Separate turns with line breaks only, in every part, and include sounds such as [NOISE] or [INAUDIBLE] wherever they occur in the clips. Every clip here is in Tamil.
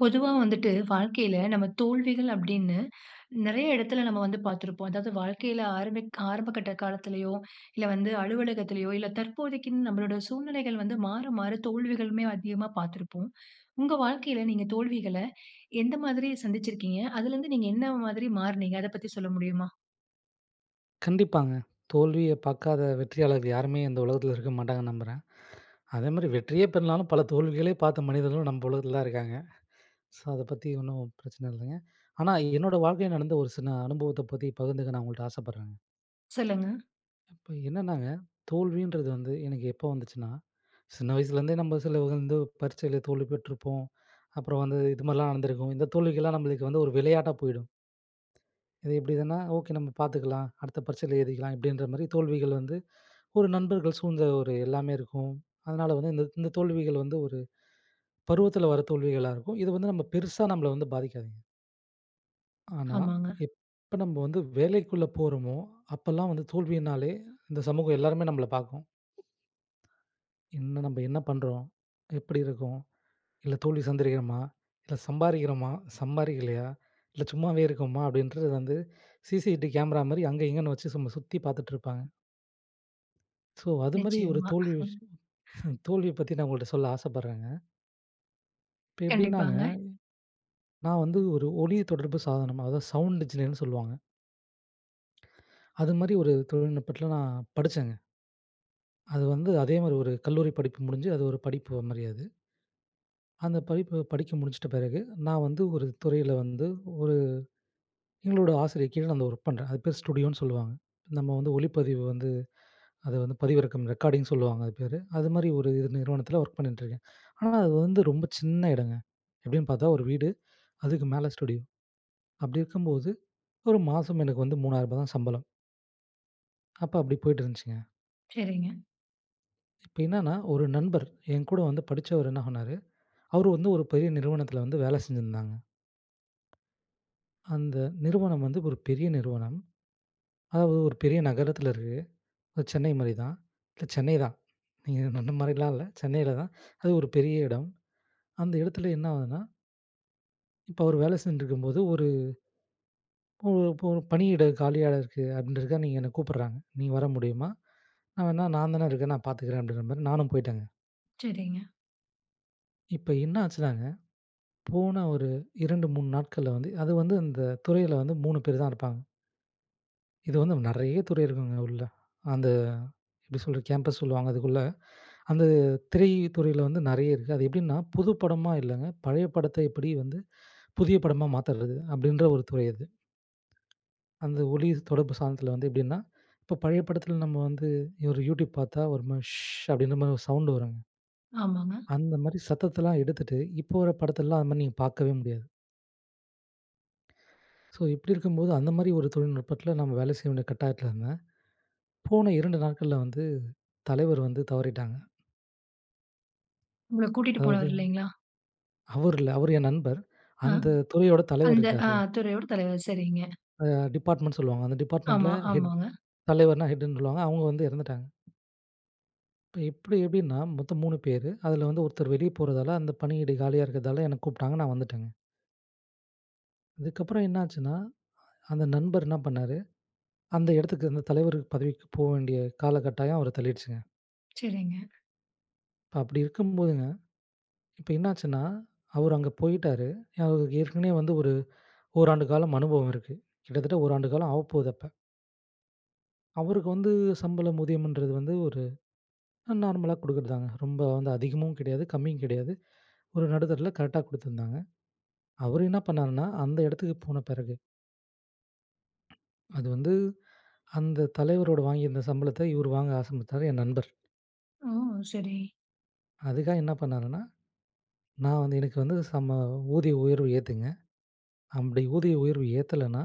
பொதுவா வந்துட்டு, வாழ்க்கையில நம்ம தோல்விகள் அப்டின்னு, நெறைய எடத்தில நம்ம வந்து பார்த்திருப்போம். அதாவது வாழ்க்கையில ஆரம்ப ஆரம்பகட்ட காலத்திலயோ, இல்ல வந்து அலுவலகத்திலயோ, இல்ல தற்போதைக்கு நம்மளோட சூழ்நிலைகள் வந்து மாற, மாற தோல்விகளுமே, அதிகமா பார்த்திருப்போம். உங்க வாழ்க்கையில நீங்க தோல்விகளை எந்த மாதிரி சந்திச்சிருக்கீங்க? அதில இருந்து நீங்க என்ன மாதிரி மாறுனீங்க? அத பத்தி சொல்ல முடியுமா?
கண்டிப்பாங்க. தோல்விய பாக்காத வெற்றியாளர்கள் யாருமே இந்த உலகத்தில இருக்க மாட்டாங்கன்னு நம்புறேன் அதேமாரி வெற்றியே பெறலைனாலும் பல தோல்விகளே பார்த்த மனிதர்களும் நம்ப உலகத்தில தான் இருக்காங்க. ஸோ அத பத்தி ஒண்ணும் பிரச்சன இல்லங்க. ஆனா என்னோட வாழ்க்கையில நடந்த ஒரு சின்ன அனுபவத்த பத்தி பகிர்ந்துக்க நா உங்கள்ட்ட ஆசப்பட்றேங்க.
சொல்லுங்க.
இப்ப என்னன்னாங்க, "தோல்வி"ன்றது வந்து எனக்கு எப்போ வந்துச்சுனா, சின்ன வயசுலேருந்தே நம்ம சிலவங்க வந்து பரீட்சையில தோல்வி பெற்றிருப்போம். அப்புறம் வந்து, இது மாதிரிலாம் நடந்துருக்கும். இந்த தோல்விக்கெல்லாம் நம்மளுக்கு வந்து ஒரு விளையாட்டா போயிடும். "இது இப்டி இதுன்னா ஓகே நம்ம பார்த்துக்கலாம். அடுத்த பரீட்சையில எழுதிக்கலாம்" அப்படின்ற மாரி தோல்விகள் வந்து, ஒரு நண்பர்கள் சூழ்ந்த ஒரு எல்லாமே இருக்கும். அதனால வந்து, இந்த இந்த தோல்விகள் வந்து ஒரு பருவத்தில வர்ற தோல்விகளா இருக்கும். இது வந்து நம்ம பெருசா நம்மள வந்து பாதிக்காதுங்க. ஆனா
ஆமாங்க.
எப் ப நம்ப வந்து வேலைக்குள்ள போறோமோ, அப்பலாம் வந்து தோல்வியினாலே இந்த சமூகம் எல்லாருமே நம்பள பாக்கும். என்ன நம்ப என்ன பண்றோம்? எப்டி இருக்கோம்? இல்ல தோல்வி சந்திக்கிறோமா? இல்ல சம்பாரிக்கிறமா? சம்பாரிக்கலையா? இல்ல சும்மாவே இருக்கோமா? அப்டின்றது வந்து சி-சி-டி கேமரா மாரி அங்க இங்கேன்னு வச்சு சும்மா சுத்தி பாத்துட்ருப்பாங்க. ஸோ அதுமாரி ஒரு
நிச்சயமா.
தோல்வி விஷயம்
[CHUCKLES] [INHALES]
[CHUCKLES] தோல்விய பத்தி நான் உங்கள்ட்ட சொல்ல ஆசப்படுறேங்க. இப்ப எப்டின்னாங்க!
கண்டிப்பாங்க.
நான் வந்து ஒரு ஒலி தொடர்பு சாதனம் அதாவது சவுண்ட் என்ஜினியர்ன்னு சொல்லுவாங்க. அது மாதிரி ஒரு தொழில்நுட்பத்ல நான் படிச்சேங்க. அது வந்து அதே மாரி ஒரு கல்லூரி படிப்பு முடிஞ்சு அது ஒரு படிப்பு மாரி அது. அந்த படிப்பு படிச்சு முடிச்சிட்ட பிறகு நான் வந்து, ஒரு துறையில வந்து ஒரு எங்களோட ஆசிரியர் கீழ நான் அந்த ஒர்க் பண்றேன். அது பேர் ஸ்டுடியோன்னு சொல்லுவாங்க. நம்ம வந்து ஒளிப்பதிவு வந்து அத வந்து பதிவிறக்கம் ரெக்கார்டிங் சொல்லுவாங்க அது பேரு. அதுமாரி ஒரு இது நிறுவனத்தில வொர்க் பண்ணின்ட்ருக்கேன். ஆனா அது வந்து ரொம்ப சின்ன இடங்க. எப்டின்னு பார்த்தா, ஒரு வீடு அதுக்கு மேல ஸ்டுடியோ அப்டி இருக்கும்போது, ஒரு மாசம் எனக்கு வந்து ரூ. 3000 தான் சம்பளம். அப்ப அப்டி போயிட்டுருந்துச்சுங்க.
சரிங்க.
இப்ப என்னன்னா ஒரு நண்பர் என்கூட வந்து படிச்சவரு, என்ன பண்ணாரு? அவரு வந்து ஒரு பெரிய நிறுவனத்தில வந்து வேல செஞ்சிருந்தாங்க. அந்த நிறுவனம் வந்து ஒரு பெரிய நிறுவனம். அதாவது ஒரு பெரிய நகரத்தில இருக்கு. அது சென்னை மாரி தான். இல்ல சென்னை தான். நீங்க அந்த மாதிரிலாம் இல்ல, சென்னையில தான். அது ஒரு பெரிய இடம். அந்த இடத்துல என்ன ஆகுதுன்னா இப்ப அவரு வேல செஞ்சிட்டுருக்கும்போது ஒரு இப்போ இப்போ ஒரு பணியிடம் காலியா இருக்கு அப்டின்றதுக்காக நீங்க என்ன கூப்புடுறாங்க, நீ வர முடியுமா? நா வேணா நான்தானே இருக்கேன் நான் பார்த்துக்குறேன் அப்டின்ற மாரி நானும் போய்ட்டேங்க.
சரிங்க.
இப்ப என்ன ஆச்சுனாங்க, போன ஒரு 2 3 நாட்கள்ல வந்து அது வந்து அந்த துறையில வந்து 3 பேரு தான் இருப்பாங்க. இது வந்து நெறைய துறை இருக்குங்க உள்ள. அந்த எப்டி சொல்றது? கேம்பஸ் சொல்லுவாங்க அதுக்குள்ள. அந்த திரை துறையில வந்து நெறைய இருக்கு. அது எப்டின்னா புது படமா இல்லங்க, பழைய படத்த எப்டி வந்து புதிய படமா மாத்தறது? அப்டின்ற ஒரு துறை அது. அந்த ஒலி தொடர்பு சாதனத்தில வந்து எப்டின்னா, இப்ப பழைய படத்தில நம்ம வந்து ஒரு Youtube பார்த்தா ஒரு ஸ்ஷூ அப்டின்ற மாரி ஒரு சவுண்ட் வரும்ங்க.
ஆமாங்க.
அந்த மாரி சத்தத்தலாம் எடுத்துட்டு இப்ப வர்ற படத்தில்லாம் அந்த மாரி நீங்க பார்க்கவே முடியாது. ஸோ இப்டி இருக்கும்போது அந்த மாரி ஒரு தொழில்நுட்பத்தில நம்ம வேலை செய்ய வேண்டிய கட்டாயத்தில இருந்த. போன 2 நாட்கள்ல வந்து தலைவர் வந்து தவறிட்டாங்க.
உங்கள கூட்டிட்டு
அதாவது
போனவர் இல்லைங்களா?
அவரு இல்ல. அவரு என் நண்பர்.
அ
அந்த துறையோட தலைவர்
அந்த அ
இருக்கார்ல.
துறையோட தலைவர். சரிங்க.
அ டிப்பார்ட்மென்ட் சொல்லுவாங்க, அந்த டிப்பார்ட்மெண்டில
ஆமா.
ஹெட்.
ஆமாங்க.
தலைவர்னா ஹெட்டுன்னு சொல்லுவாங்க. அவங்க வந்து இறந்துட்டாங்க. இப்ப எப்படி எப்படின்னா, மொத்த 3 பேரு. அதில வந்து ஒருத்தர் வெளிய போறதால, அந்த பணியிட காலியா இருக்கிறதால என்ன கூப்பிட்டாங்க. நா வந்துட்டேங்க. அதுக்கப்புற என்னாச்சுன்னா, அந்த நண்பர் என்ன பண்ணாரு? அந்த எடத்துக்கு அந்த தலைவர் பதவிக்கு போக வேண்டிய காலக்கட்டாயம், அவர தள்ளிடுச்சுங்க.
சரிங்க.
இப்ப அப்படி இருக்கும்போதுங்க, இப்ப என்னாச்சுன்னா, அவர் அங்க போயிட்டாரு. அவரு ஏற்கனவே வந்து ஒரு 1 ஆண்டு காலம் அனுபவம் இருக்கு கிட்டத்தட்ட 1ஆண்டு காலம் ஆவப்போகுது அப்ப. அவருக்கு வந்து சம்பளம் ஊதியம்ன்றது வந்து ஒரு நார்மலா குடுக்கறது தாங்க. ரொம்ப வந்து அதிகமும் கிடையாது, கம்மியும் கிடையாது. ஒரு நடுத்தரதுல கரெக்ட்டா குடுத்துருந்தாங்க. அவரு என்னா பண்ணாருன்னா, அந்த இடத்துக்கு போன பெறகு அது வந்து "அந்த தலைவரோட வாங்கியிருந்த சம்பளத்த இவரு வாங்க ஆசைபட்டாரு," என் நண்பர்.
ஓ! சரி.
அதுக்காக என்ன பண்ணாருன்னா, "நான் வந்து எனக்கு வந்து சம ஊதிய உயர்வு ஏத்துங்க, அப்டி ஊதிய உயர்வு ஏத்தலன்னா,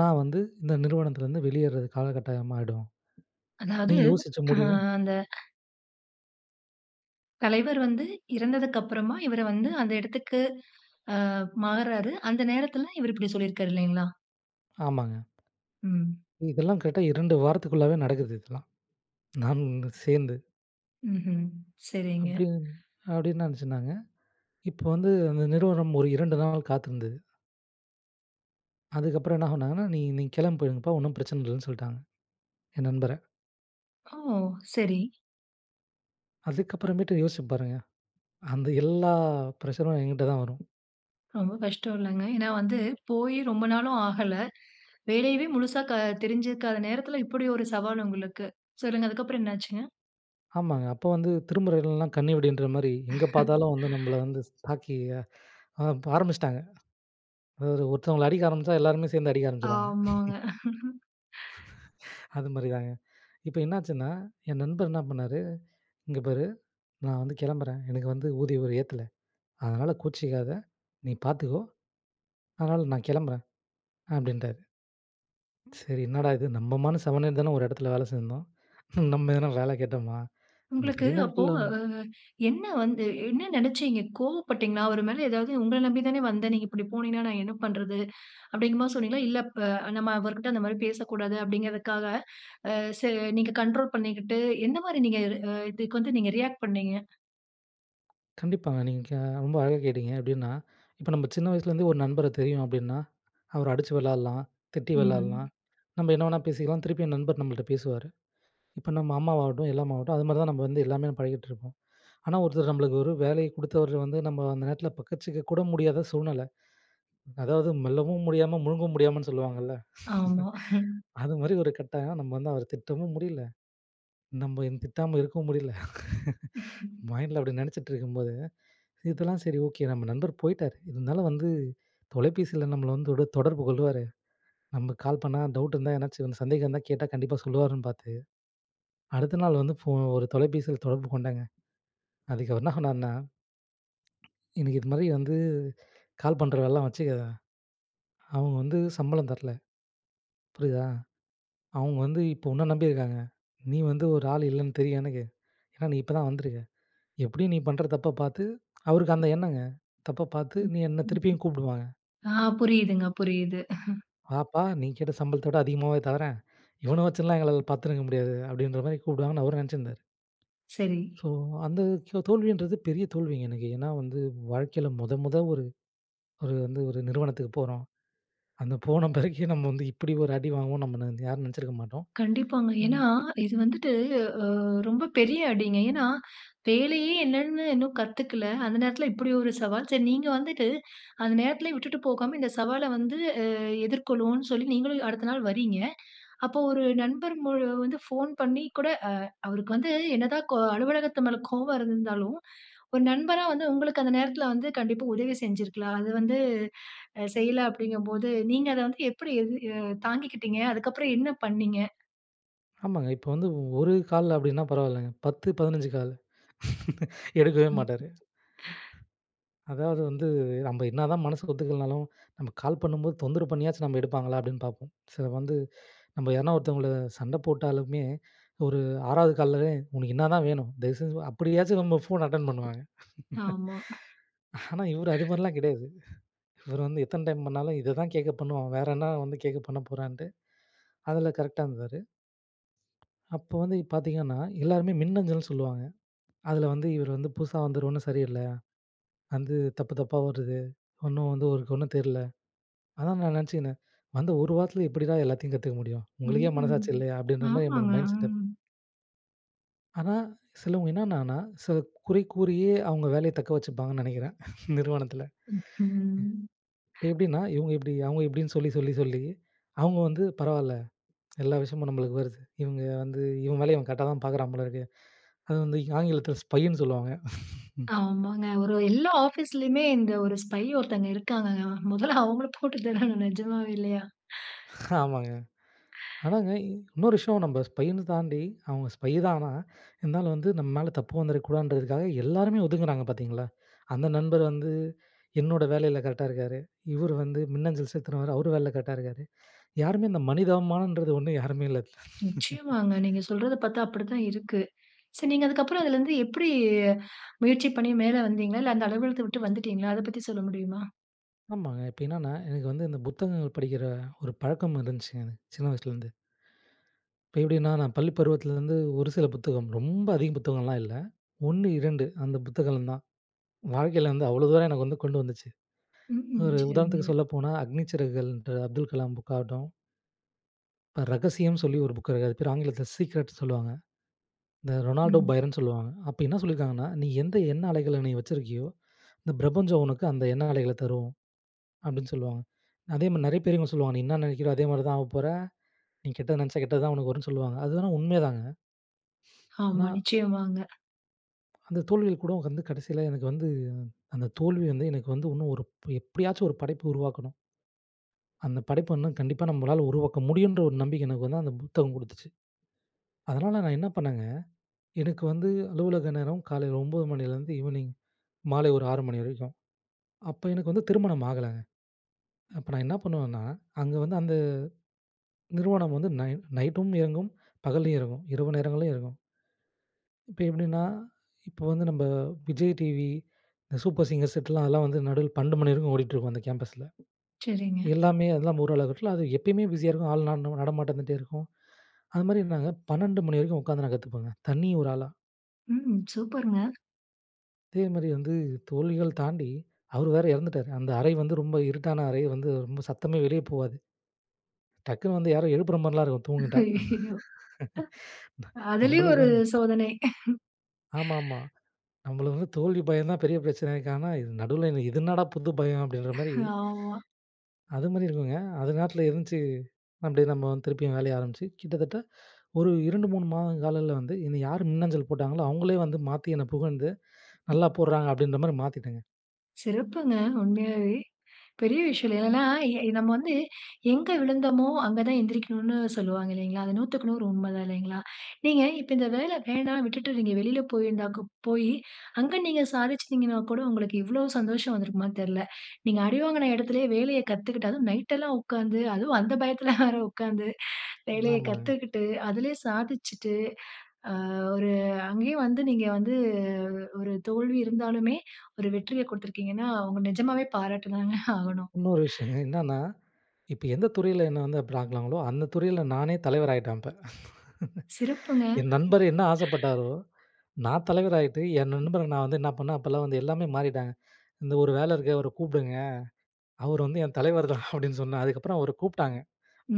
நான் வந்து இந்த நிறுவனத்திலருந்து வெளியேர்ற காலகட்டாயமாயிடும்.
அதாவது
நீங்க யோசிச்ச
ஆ
முடிவு"
அந்த. தலைவர் வந்து இறந்ததுக்கு அப்புறமா, இவர வந்து அந்த இடத்துக்கு ஆ மாறுறாரு. அந்த நேரத்தில இவரு இப்டி சொல்லிருக்குறாரு இல்லைங்களா?
ஆமாங்க.
ம்.
இதெல்லாம் கேட்டா "2 வாரத்துக்குள்ளாவே நடக்குது" இதெல்லாம் நானு, இவனும் சேர்ந்து.
ம்ஹ்ம். சரிங்க.
அப்டின்னு அப்டின்னு நெனைச்சிருந்தாங்க. இப்போ வந்து அந்த நிறுவனம் ஒரு 2 நாள் காத்திருந்தது. அதுக்கப்புறம் என்ன பண்ணாங்கன்னா, "நீ நீங்க கிளம்பி போயிருங்கப்பா! ஒண்ணும் பிரச்சன இல்லன்னு சொல்ட்டாங்க," என் நண்பர.
ஓ! சரி.
அதுக்கப்புறமேட்டு யோசிச்சு பாருங்க. அந்த எல்லா ப்ரஷரும் என்கிட்டே தான் வரும்.
ரொம்ப கஷ்டம் இல்லங்க. ஏனா, வந்து போய் ரொம்ப நாளும் ஆகல. வேலையவே முழுசா க தெரிஞ்சுருக்காத நேரத்தில, இப்டி ஒரு சவால் உங்களுக்கு. சொல்லுங்க அதுக்கு அப்புறம் என்ன ஆச்சுங்க?
ஆமாங்க. அப்ப வந்து திரும்புற இடமல்லாம் கண்ணிவெடின்ற மாரி, எங்க பார்த்தாலும் வந்து நம்மள
[LAUGHS]
வந்து தாக்கி, ஆ ஆரம்பிச்சுட்டாங்க. அதாவது ஒருத்தவங்கள அடிக்க ஆரம்பிச்சா, எல்லாருமே சேர்ந்து அடிக்க ஆரம்பிச்சுருவாங்க. [CHUCKLES]
ஆமாங்க. [LAUGHS]
[LAUGHS] அது மாரி தாங்க. இப்ப என்னாச்சுன்னா, என் நண்பன் என்ன பண்ணாரு? "இங்க பாரு! நான் வந்து கிளம்புறேன். எனக்கு வந்து ஊதிய ஒரு ஏத்தல. அதனால கோச்சிக்காத, நீ பார்த்துக்கோ. அதனால நான் கிளம்புறேன்," அப்டின்ட்டாரு. சரி என்னடா இது? நம்மமான்னு செவனனேனு தானே ஒரு இடத்துல வேலை செஞ்சிருந்தோம். [CHUCKLES] நம்ம எதுனா வேலை கேட்டோமா? அந்த
உங்களுக்கு அப்போ
பெரியநாட்கள்ள
ஆ
வந்து
என்ன வந்து என்ன நெனைச்சீங்க? கோபப்பட்டீங்களா? அவரு மேல ஏதாவது உங்கள நம்பி தானே வந்தேன். நீங்க இப்டி போனீங்கன்னா, நான் என்ன பண்றது? அப்டிங்கற மாரி சொன்னீங்களா? இல்ல ப நம்ம அவர்கிட்ட அந்த மாரி பேசக்கூடாது அப்டிங்கிறதுக்காக ஆ ச நீங்க கண்ட்ரோல் பண்ணிக்கிட்டு எந்த மாரி நீங்க வ இதுக்கு வந்து நீங்க ரியாக்ட் பண்ணினீங்க?
கண்டிப்பாங்க. நீங்க ரொம்ப அழகா கேட்டீங்க. எப்டின்னா, இப்ப நம்ம சின்ன வயசுலேருந்தே ஒரு நண்பர தெரியும் அப்டின்னா, அவர அடிச்சு விளையாடலாம், திட்டி
ம்.
விளாடலாம், நம்ம என்ன வேணா பேசிக்கலாம், திருப்பியும் நண்பர் நம்மள்ட்ட பேசுவாரு. இப்ப நம்ம அம்மாவாகட்டும், எல்லாமா ஆகட்டும் அது மாரி தான் நம்ம வந்து எல்லாமே பழகிட்டு இருப்போம், ஆனா ஒருத்தர் நம்மளுக்கு ஒரு வேலைய குடுத்தவர் வந்து நம்ம அந்த நேரத்தில பக்கச்சிக்க கூட முடியாத சூழ்நெல. அதாவது "மெல்லவும் முடியாம, முழுங்கவும் முடியாமன்னு" சொல்லுவாங்கல்ல.
ஆமா.
[LAUGHS]
[LAUGHS]
அது மாரி ஒரு கட்டாயம். நம்ம வந்து அவர திட்டவும் முடியல, நம்ம திட்டாம இருக்கவும் முடியல. [LAUGHS]
[LAUGHS]
மைண்டுல அப்டி நெனைச்சிட்டு இருக்கும்போது, இதெல்லாம் சரி ஓகே! நம்ம நண்பர் போயிட்டார், இருந்தாலும் வந்து தொலைபேசியில நம்மள வந்து தொட தொடர்பு கொள்ளுவாரு. நம்ம கால் பண்ணா, டவுட் இருந்தா ஏதாச்சும் சந்தேகம் இருந்தா கேட்டா கண்டிப்பா சொல்லுவாருன்னு பார்த்து, அடுத்த நாள் வந்து ஃபோன் ஒரு தொலைபேசியில தொடர்பு கொண்டேங்க. அதுக்கு அவரு என்ன சொன்னார்னா, "எனக்கு இதுமாரி வந்து கால் பண்ற வேலைலாம் வச்சுக்காத. அவங்க வந்து சம்பளம் தரல புரியிதா? அவங்க வந்து இப்ப உன்ன நம்பியிருக்காங்க. நீ வந்து ஒரு ஆள் இல்லன்னு தெரியும் எனக்கு. ஏனா நீ இப்ப தான் வந்துருக்க. எப்டியும் நீ பண்ற தப்ப பார்த்து," அவருக்கு அந்த எண்ணங்க. "தப்ப பார்த்து, நீ என்ன திருப்பியும் கூப்பிடுவாங்க."
[UNINTELLIGIBLE] ஆ புரியிதுங்க, புரியிது.
"வாப்பா!
[CHUCKLES]
நீ கேட்ட சம்பளத்த விட அதிகமாவே தாரேன்! இவன வச்சுலாம் எங்களால பார்த்துருங்க முடியாது" அப்டின்ற மாரி கூப்பிடுவாங்கன்னு அவரும் நெனைச்சிருந்தாரு.
சரி.
ஸோ அந்த தோ தோல்வின்றது பெரிய தோல்விங்க எனக்கு. ஏனா வந்து, வாழ்க்கையில மொத மொத ஒரு ஒரு வந்து ஒரு நிறுவனத்துக்கு போறோம். அந்த போன பிறகு நம்ம வந்து இப்டி ஒரு அடி வாங்குவோம்னு, நம்ம யாரும் நெனைச்சிருக்க மாட்டோம்.
கண்டிப்பாங்க.
ஆனா
ஏனா இது வந்துட்டு ஆ ரொம்ப பெரிய அடிங்க, ஏனா வேலையே என்னன்னு இன்னும் கத்துக்கல, அந்த நேரத்தில இப்டி ஒரு சவால். சரி நீங்க வந்துட்டு அந்த நேரத்திலேயே விட்டுட்டு போகாம இந்த சவால வந்து எதிர்கொள்வோன்னு சொல்லி நீங்களும் அடுத்த நாள் வர்றீங்க. அப்போ ஒரு நண்பர் மு வந்து ஃபோன் பண்ணி கூட அ அவருக்கு வந்து என்னதான் கோ அலுவலகத்து மேல கோபம் இருந்தாலும். ஒரு நண்பரா வந்து உங்களுக்கு அந்த நேரத்தில வந்து கண்டிப்பா உதவி செஞ்சிருக்கலாம். அது வந்து செய்யல அப்டிங்கம்போது, நீங்க அத வந்து எப்டி தாங்கிக்கிட்டீங்க? அதுக்கு அப்புறம் என்ன பண்ணீங்க?
ஆமாங்க. இப்ப வந்து ஒரு கால் அப்படின்னா பரவாயில்லங்க 10, 15 கால் [LAUGHS] எடுக்கவே மாட்டாரு. [INHALES]
[EXHALES]
அதாவது வந்து நம்ம என்னதான் மனசுக்கு ஒத்துக்கலனாலு நம்ம கால் பண்ணும்போது தொந்தரவு பண்ணியாச்சு நம்ம எடுப்பாங்களா அப்படின்னு பார்ப்போம். சிலர் வந்து நம்ம யாருனா ஒருத்தவங்கள சண்ட போட்டாலுமே ஒரு 6 ஆவது கால்ல உனக்கு என்னாதான் வேணும் தயவுசெஞ்சு அப்படியாச்சு நம்ம ஃபோன அட்டெண் பண்ணுவாங்க. [LAUGHS]
ஆமா.
ஆனா இவரு அது மாரிலாம் கெடையாது. இவரு வந்து எத்தன டைம் பண்ணாலும் இதைதான் கேக்க பண்ணுவான் வேற என்ன வந்து கேக்க பண்ண போறான்ட்டு அதில கரெக்ட்டா இருந்தாரு. அப்போ வந்து பார்த்தீங்கன்னா எல்லாருமே மின்னஞ்சல்னு சொல்லுவாங்க. அதில வந்து இவரு வந்து புதுசா வந்தவரு ஒன்னும் சரியில்ல. வந்து தப்பு தப்பா வருது, ஒன்னு வந்து அவருக்கு ஒன்னும் தெரியல. அதான் நான் நெனச்சுகினே வந்து 1 வாரத்துல எப்படிடா எல்லாத்தையும் கத்துக்க முடியும். உங்களுக்கே
ம்.
மனசாட்சி இல்லையா, அப்படின்ற மாரி என்னோட
ஆமாங்க.
மைண்ட் செட்டப்
ம்.
ஆனா சிலவங்க என்னென்னன்னா சில குறை கூறியே அவங்க வேலைய தக்க வச்சுப்பாங்கன்னு நெனைக்கிறே நிறுவனத்தில. [INHALES]
[LAUGHS]
எப்டின்னா இவங்க இப்டி அவங்க இப்டின்னு சொல்லி, சொல்லி, சொல்லி அவங்க வந்து பரவாயில்ல எல்லா விஷயமும் நம்மளுக்கு வருது. இவங்க வந்து இவ வேலய இவ கரெக்டா தான் பார்க்குறான் போல இருக்கு. அத வந்து ஆங்கிலத்தில ஸ்பைன்னு சொல்லுவாங்க.
ஆமாங்க.
[LAUGHS]
ஒரு எல்லா ஆபீஸ்லயுமே இந்த ஒரு ஸ்பை ஒருத்தங்க இருக்காங்கங்க. மொதல்ல அவங்கள போட்டு தள்ளனு நெஜமாவே இல்லையா? [EXHALES]
ஆமாங்க.
[INHALES]
ஆனாங்க இன்னொரு விஷயம் நம்ம ஸ்பைன்னு தாண்டி அவங்க ஸ்பை தான் ஆனா இருந்தாலும் வந்து நம்ம மேல தப்பு வந்துருக்கக்கூடாதுன்றதுக்காக, எல்லாருமே ஒதுங்குறாங்க பார்த்தீங்களா. அந்த நண்பர் வந்து என்னோட வேலையில கரெக்ட்டா இருக்காரு. இவர் வந்து மின்னஞ்சல் செலுத்தினவரு அவரு வேலையில கரெக்டா இருக்காரு. யாருமே இந்த மனிதாபிமானம்ன்றது ஒன்னு யாருமே இல்ல.
நிச்சயமாங்க நீங்க
[LAUGHS]
சொல்றத பார்த்தா அப்படி தான் இருக்கு. சோ நீங்க அதுக்ப்புறம் அதில இருந்து எப்டி முயற்சி பண்ணி மேல வந்தீர்களா? இல்ல அந்த அலுவலகத்த விட்டு வந்துட்டீங்களா? அத பத்தி சொல்ல முடியுமா?
ஆமாங்க. இப்ப என்னன்னா, எனக்கு வந்து இந்த புத்தகங்கள் படிக்குற ஒரு பழக்கம் இருந்துச்சுங்க. சின்ன வயசுலருந்து. இப்ப எப்டின்னா நான் பள்ளி பருவத்துலருந்து ஒரு சில புத்தகம், ரொம்ப அதிகம் புத்தகம்லாம் இல்ல, 1, 2 அந்த புத்தகம் தான். வாழ்க்கையில வந்து, அவ்ளோ தான் எனக்கு வந்து கொண்டு வந்துச்சு.
ம்ஹ்ம்.
ஒரு உதாரணத்துக்கு
சரிங்க.
சொல்லப்போனா, "அக்னி சிறகுகள்" ன்ற அப்துல் கலாம் புக் ஆகட்டும் இப்ப ரகசியம், சொல்லி ஒரு புக்க அது பேரு, ஆங்கிலத்ல சீக்ரெட் சொல்லுவாங்க. இந்த ரொனால்டோ
ம்.
பைரன் சொல்லுவாங்க. அப்ப என்ன சொல்லியிருக்காங்கன்னா," நீ எந்த, எண்ண அலைகள நீ வச்சிருக்கியோ, இந்த பிரபஞ்சம் உனக்கு அந்த எண்ண அலைகள தரும்.", அப்டின்னு சொல்வாங்க. அதே மாரி நெறைய பேர் சொல்லுவாங்க, நீ என்ன நெனைக்கிரியோ? அதே மாரி தான் ஆகப்போற. நீ கெட்டது நெனச்சா கெட்டது தான் உனக்கு வரும்ன்னு சொல்லுவாங்க. அதுலாம் உண்மைதாங்க.
ஆமா
ஆனா
நிச்சயமாங்க.
அந்த தோல்வில கூட வந்து, கடைசில எனக்கு வந்து, அந்த தோல்வி வந்து எனக்கு வந்து, இன்னும் ஒரு, ப் எப்டியாச்சும் ஒரு படைப்பு உருவாக்கணும். அந்த படைப்பு வந்து கண்டிப்பா நம்மளால உருவாக்க முடியுன்ற, ஒரு நம்பிக்க எனக்கு வந்து, அந்த புத்தகம் குடுத்துச்சு. அதனால நான் என்ன பண்ணேங்க, எனக்கு வந்து அலுவலக நேரம் காலையில 9:00 மணிலேருந்து ஈவினிங் மாலை 6:00 ஒரு மணி வரைக்கும். அப்ப எனக்கு வந்து திருமணம் ஆகலங்க. அப்ப நான் என்ன பண்ணுவேன்னா, அங்க வந்து அந்த, நிறுவனம் வந்து நை-நைட்டும் இயங்கும், பகலும் இயங்கும், இரவு நேரங்களிலும் இயங்கும். இப்ப எப்டின்னா? இப்ப வந்து நம்ம விஜய் டிவி, இந்த சூப்பர் சிங்கர்ஸ் செட் லாம், அதெல்லாம் வந்து நடுல 12:00 மணி வரைக்கும் ஓடிட்டு இருக்கும், அந்த கேம்பஸ்ல.
சரிங்க.
எல்லாமே ஓரளவுக்குனா, அது எப்பயுமே பிஸியா இருக்கும். ஆள் நட நடமாட்டம் இருந்துட்டே இருக்கும். அதுமாரிங்க, நான் 12:00 மணி வரைக்கும் உட்காந்து நான் கத்துப்பேங்க. தனி ஒரு ஆளா.
ம். சூப்பர்ங்க!
அதே மாரி வந்து தோல்விகள் தாண்டி அவர் வேற இறந்துட்டாரு. அந்த அறை வந்து ரொம்ப இருட்டான அறை. வந்து ரொம்ப சத்தமே வெளியே போவாது. டக்குனு வந்து யாரோ எழுப்புற மாதிரில்லாம் இருக்கும் தூங்கிட்டா.
அய்யயோ.
[CHUCKLES] ந
அதிலயும்
நம்மளுக்கு
ஒரு
வந்து.
சோதனை.
ஆமா, ஆமா
[CHUCKLES]
நம்மளுக்கு வந்து தோல்வி பயம் தான், பெரிய பிரச்சனை இருக்கு. ஆனா நடுவுல இது என்னடா புது பயம் அப்டின்ற மாரி.
[CHUCKLES] ஆமா.
அது மாதிரி இல்லைங்க. அது நேரத்துல இருந்துச்சு, மன்டே நம்ம வந்து திருப்பியும் வேலைய ஆரம்பிச்சு கிட்டத்தட்ட ஒரு 2, 3, மாதம் காலங்கல வந்து என்னை யார் மின்னஞ்சல் போட்டாங்களோ, அவங்களே வந்து மாத்தி என்னை புகழ்ந்து நல்லா போட்றாங்க அப்டின்ற மாதிரி மாத்திட்டாங்க.
சிறப்புங்க உண்மையாவே. பெரிய விஷயம் இல்லயா.
ஆஸம்.
ஏன்னா ந நாம் வந்து எங்க விழுந்தமோ அங்க தான் எந்திரிக்கனும்னு சொல்வாங்க இல்லைங்களா? அது 100/100 உண்மைதான் இல்லைங்களா? நீங்க இப்ப இந்த வேல வேணா விட்டு நீங்க வெளியில போய் போய் அங்கே நீங்க சாதிச்சீங்கன்னா கூட உங்களுக்கு இவ்வளவு சந்தோஷம் வந்திருக்குமான்னு கூட தெரியல. நீங்க அடிவாங்கின எடத்துலயே வேலைய கத்துக்கிட்டு அதுவும் நைட்லாம் உக்கார்ந்து, அதுவும் அந்த [CHUCKLES] பயத்துல வேற உக்கார்ந்து வேலைய
ஆமாங்க.
கத்துக்கிட்டு அதிலயே சாதிச்சிட்டு, ஆ ஒரு அங்கேயே வந்து நீங்க வந்து ஒரு தோல்வி இருந்தாலுமே, ஒரு வெற்றியைக் குடுத்திருக்கிங்கன்னா அவங்க நிஜமாவே பாராட்டிதானே ஆகணும்.
இன்னொரு விஷயங்க என்னென்னா, இப்ப எந்த துறையில என்ன வந்து அப்டி ஆக்குனாங்களோ, அந்த துறையில நானே தலைவர் ஆகிட்டேன் இப்ப. [CHUCKLES]
சிறப்புங்க.
என் நண்பர் என்ன ஆசைப்பட்டாரோ, நான் தலைவராகிட்டு என் நண்பர நான் வந்து என்ன பண்ணேன், அப்பல்லாம் வந்து எல்லாமே மாறிட்டாங்க. இந்த ஒரு வேல இருக்கு அவர கூப்பிடுங்க. அவர் வந்து என் தலைவர்தான் அப்டின்னு சொன்னேன். அதுக்கப்புறம் அவர கூப்ட்டாங்க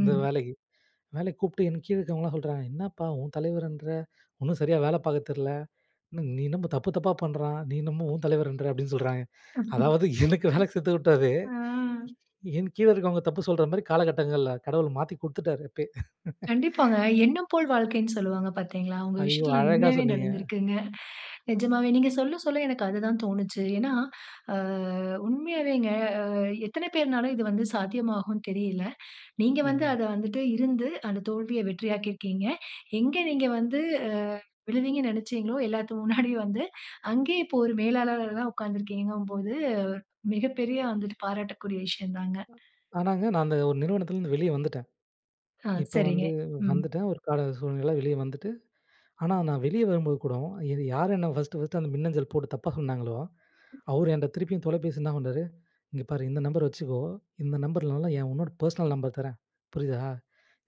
அந்த வேலைக்கு. வேலைக்கு கூப்ட்டு என் கீழ இருக்கிறவங்கலாம் சொல்றாங்க "என்னப்பா? உன் தலைவர்ன்ற ஒண்ணும் சரியா வேலை பாக்க தெரியல. நீ என்னமோ தப்பு தப்பா பண்றான். நீ என்னமோ உன் தலைவர்ன்ற" அப்டின்னு சொல்றாங்க. அதாவது எனக்கு வேலைக்கு கத்துகுடுத்தவரே.
[UNINTELLIGIBLE] அ.
என் கீழ இருக்குறவங்க தப்பு சொல்ற மாரி காலகட்டங்கள்ல கடவுள் மாத்தி கொடுத்துட்டாரு எப்பயே.
கண்டிப்பாங்க.
[LAUGHS]
"எண்ணம் போல் வாழ்க்கைன்னு" சொல்வாங்க பார்த்தீங்களா? உங்க
ஐயோ!
விஷயத்ல
அழகா
உண்மையாவே
சொன்னிங்க.
நடந்திருக்குங்க. நிஜமாவே நீங்க சொல்ல, சொல்ல எனக்கு அது தான் தோனுச்சு. ஏன்னா அ உண்மையாவேங்க அ எத்தன பேர் என்றாலும் இது வந்து சாத்தியமாகும்ன்னு தெரியல. நீங்க வந்து
ம்.
அத வந்துட்டு இருந்து, அந்த தோல்விய வெற்றியாக்கி இருக்கீங்க. எங்கே நீங்க வந்து விழுவீங்கன்னு நெனச்சீங்களோ, எல்லாத்துக்கு முன்னாடியும் வந்து அங்கயே இப்போ ஒரு மேலாளரா உக்கார்ந்துருக்கிங்கனும் பொழுது மிகப்பெரிய வந்துட்டு பாராட்டக்கூடிய விஷயம் தாங்க.
ஆனாங்க நான் அந்த ஒரு நிறுவனத்துலருந்து வெளியே வந்துட்டேன்.
அ
இப்ப
சரிங்க.
வந்து
ம்
வந்துட்டேன் ஒரு கால சூழ்நிலையில வெளியே வந்துட்டு, ஆனா நான் வெளியே வரும்போது கூட இது யார் என்ன ஃபர்ஸ்ட்டு, ஃபர்ஸ்ட்டு அந்த மின்னஞ்சல் போட்டு தப்பா சொன்னாங்களோ, அவர் என்கிட்ட திருப்பியும் தொலைபேசியில என்ன பண்ணார், இங்கே பாரு "இந்த நம்பர் வச்சுக்கோ. இந்த நம்பர் இல்லன்னா, இன்னொரு பர்ஸ்னல் நம்பர் தர்றேன் புரியுதா?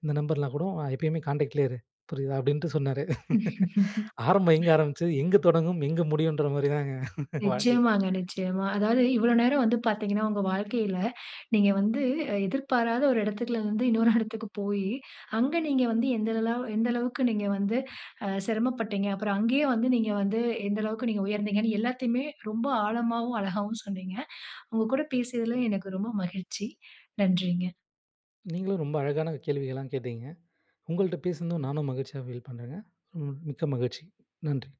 இந்த நம்பர்லாம் கூட எப்பயுமே காண்டக்ட்லயே இரு. புரியுதா?" அப்டின்ட்டு சொன்னாரு. [CHUCKLES] ஆரம்பம் எங்கு
[LAUGHS]
ஆரம்பிச்சது, எங்க தொடங்கும், எங்க முடியும் என்கிற மாரிங்க தான் [CHUCKLES] வாழ்க்கை.
நிச்சயமாங்க நிச்சயமா. அதாவது இவ்வளவு நேரம் வந்து பாத்தீங்கன்னா, உங்க வாழ்க்கையில நீங்க வந்து எதிர்பாராத ஒரு எடத்துல இருந்து இன்னொரு எடத்துக்கு போயி, அங்க நீங்க வந்து எந்த எந்த அளவுக்கு நீங்க வந்து அ சிரமப்பட்டீங்க. அப்புறம் அங்கேயே வந்து நீங்க வந்து எந்த அளவுக்கு நீங்க உயர்ந்தீங்கன்னு எல்லாத்தையுமே ரொம்ப ஆழமாவும், அழகாவும் சொன்னீங்க. உங்க கூட பேசியதில எனக்கு ரொம்ப மகிழ்ச்சி. நன்றிங்க.
நீங்களும் ரொம்ப அழகான கேள்விகள்லாம் கேட்டீங்க. உங்கள்ட்ட பேசுனதும் நானும் மகிழ்ச்சியா ஃபீல் பண்றேங்க. ம் மிக்க மகிழ்ச்சி. நன்றி.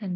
நன்றி.